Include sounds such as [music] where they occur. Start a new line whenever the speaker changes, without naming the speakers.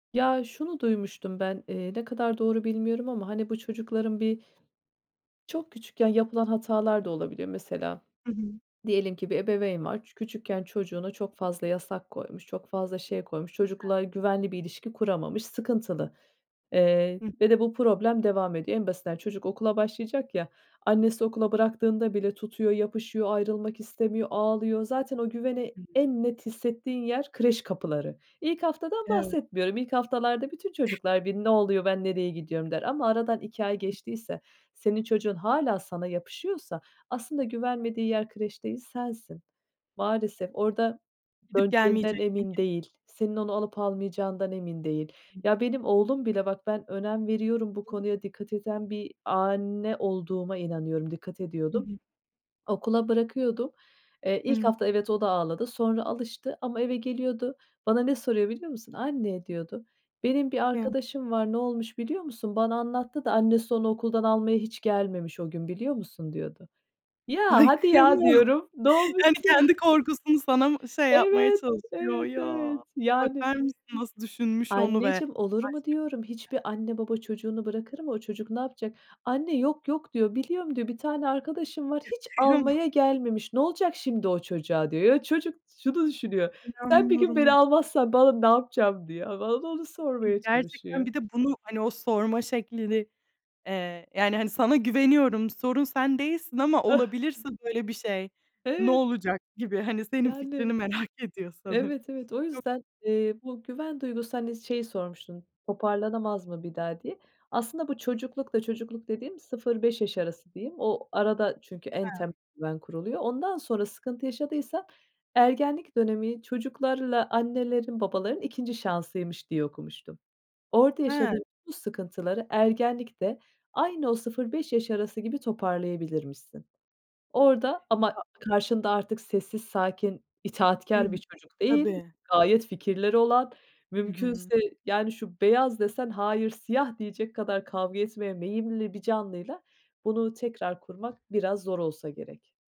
Ya, şunu duymuştum, ben, eee, ne kadar doğru bilmiyorum ama, hani, bu çocukların bir çok küçükken yapılan hatalar da olabilir. Mesela,
I hı.
diyelim ki, bir ebeveyn var, çü küçükken çocuğuna çok fazla yasak koymuş, çok fazla şey koymuş,
[unintelligible]
çocukla güvenli bir ilişki kuramamış, sıkıntılı, eee,
Hıh.
ve de bu problem devam ediyor. En basitinden çocuk okula başlayacak ya, annesi okula bıraktığında bile tutuyor, yapışıyor, ayrılmak istemiyor, ağlıyor. Zaten o güveni
Hı hı.
en net hissettiğin yer kreş kapıları. İlk haftadan
Evet.
bahsetmiyorum, ilk haftalarda bütün çocuklar bir, "Ne oluyor, ben nereye gidiyorum?" der ama aradan 2 ay geçtiyse, senin çocuğun hâlâ sana yapışıyorsa, aslında güvenmediği yer kreş değil, sensin. Maalesef, orada
Gidip
döneceğinden
gelmeyeceksin
emin
gi
değil. Senin onu alıp almayacağından emin değil. Ya, benim oğlum bile bak, ben önem veriyorum, bu konuya dikkat eden bir anne olduğuma inanıyorum, dikkat
Hı
ediyordum.
hı.
Okula bırakıyordum. Eee, ilk
Hıı.
hafta, evet, o da ağladı. Sonra alıştı ama eve geliyordu. Bana ne soruyor biliyor musun? "Anne" diyordu. "Benim bir
Kıyamam.
arkadaşım var, ne olmuş biliyor musun? Bana anlattı da annesi onu okuldan almaya hiç gelmemiş o gün biliyor musun?" diyordu. "Ya,
Ay,
hadi ya!"
kıyamam.
diyorum. Ne
Yani,
olmuşsun?
kendi korkusunu sana mı şey yapmaya
Evet,
çalışıyor,
evet,
ya?
evet, yani.
Bakar mısın, nasıl düşünmüş onu ve
"Anneciğim olur mu?" diyorum.
[unintelligible]
"Hiçbir anne baba çocuğunu bırakır mı? O çocuk ne yapacak?" "Anne yok yok." diyor, "Biliyorum." diyor, "Bir tane arkadaşım var,
Ya,
hiç
kıyamam.
almaya gelmemiş, ne olacak şimdi o çocuğa?" diyor. Ya, çocuk şunu düşünüyor: Sen bir gün
İnanmıyorum
beni
y
almazsan bana, ne yapacağım diyor. A, bana da onu
I
sormaya
gerçekten
çalışıyor.
bir de bunu, hani, o sorma şeklini, eee, yani, hani, sana güveniyorum, sorun sen değilsin ama
[chuckles]
olabilirse böyle bir şey, ne
Evet.
olacak gibi, hani, senin fikrini
Yani,
merak ediyor sanı
evet, evet. O
çok
yüzden,
[unintelligible]
eee, bu güven duygusu, hani, şeyi sormuştun, toparlanamaz mı bir daha, diye. Aslında bu çocuklukta çocukluk dediğim, 0-5 yaş arası diyeyim. O arada, çünkü en temel
He.
güven kuruluyor. Ondan sonra sıkıntı yaşadıysan, ergenlik dönemi çocuklarla annelerin, babaların 2. şansıymış diye okumuştum. Orada
He.
yaşadığın bu sıkıntıları ergenlikte aynı o 0-5 yaş arası gibi toparlayabilirmişsin. Orada, ama
Ya
karşında artık sessiz, sakin,
Hı
itaatkâr bir
hı.
çocuk değil,
Tabii.
gayet fikirleri olan,
Hı hı.
mümkünse, yani, "şu beyaz" desen, "hayır, siyah" diyecek kadar kavga etmeye meyilli bir canlıyla bunu tekrar kurmak, biraz zor olsa gerek.